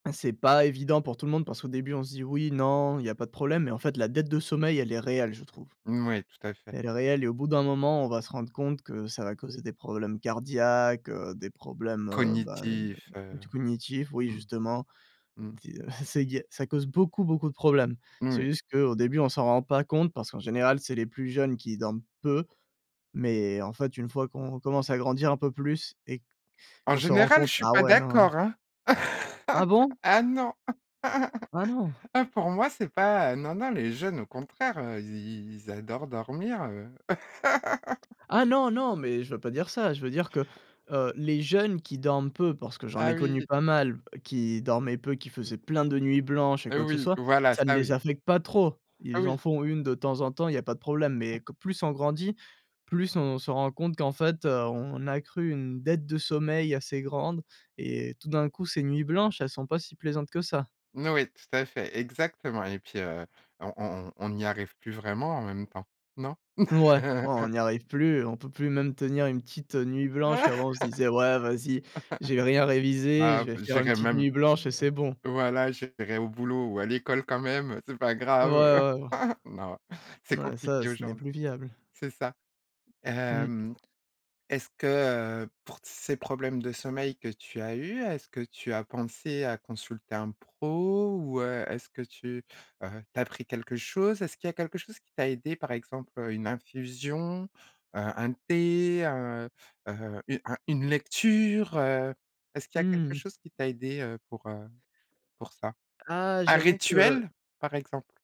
C'est pas évident pour tout le monde, parce qu'au début, on se dit: «Oui, non, il y a pas de problème», mais en fait, la dette de sommeil, elle est réelle, je trouve. Mmh oui, tout à fait. Elle est réelle et au bout d'un moment, on va se rendre compte que ça va causer des problèmes cardiaques, heu, des problèmes, heu, ben, Cognitif, [unintelligible] heu, cognitifs, oui, mmh, justement, mmh. [unintelligible] ça cause beaucoup, beaucoup de problèmes. Mmh C'est oui. juste qu'au début, on s'en rend pas compte, parce qu'en général, c'est les plus jeunes qui dorment peu, mais en fait, une fois qu'on commence à grandir un peu plus et En qu'on se rend général, compte, je suis bah, pas ouais, non. d'accord, hein! Ah bon? Ah non, Ah non? ah pour moi c'est pas, heu, non, non, les jeunes, au contraire, i i i i ils adorent dormir, heu. Ah non, non! Mais je veux pas dire ça, je veux dire que, heu, les jeunes qui dorment peu, parce que j'en Ah ai connu oui. pas mal, qui dormaient peu, qui faisaient plein de nuits blanches et quoi que ce Oui, soit, voilà, ça ne ça les oui. affecte pas trop. Ah Ils en oui. font une de temps en temps, il y pas de problème, mais que plus on grandit, plus on se rend compte qu'en fait, heu, on accru une dette de sommeil assez grande et tout d'un coup, ces nuits blanches, elles sont pas si plaisantes que ça. N oui, tout à fait. Exactement et puis, heu, on on on n'y arrive plus vraiment, en même temps, non? Mouais, ouais on n'y arrive plus, on peut plus même tenir une petite nuit blanche qu'avant on se disait: «Ouais, vas-y j'ai rien révisé, je Ah vais b, faire une «J'irai petite même» nuit blanche et c'est bon». voilà, «J'irai au boulot ou à l'école quand même, heu, c'est pas Ouais, grave». ouais. Non, c'est Ouais, ça compliqué ce n'est aujourd'hui. plus viable. C'est ça. Mmh. Hem, est-ce que, heu, pour t c ces problèmes de sommeil que tu as eu, est-ce que tu as pensé à consulter un pro ou, heu, est-ce que tu, heu, tu as pris quelque chose? Est-ce qu'il y a quelque chose qui t'a aidé, par exemple, heu, une infusion, heu, un thé, heu heu, u un une lecture, heu? Est-ce qu'il Mmh y a quelque mh. chose qui t'a aidé, heu, pour, heu, pour ça? Ah, Un j'avoue que rituel, par exemple?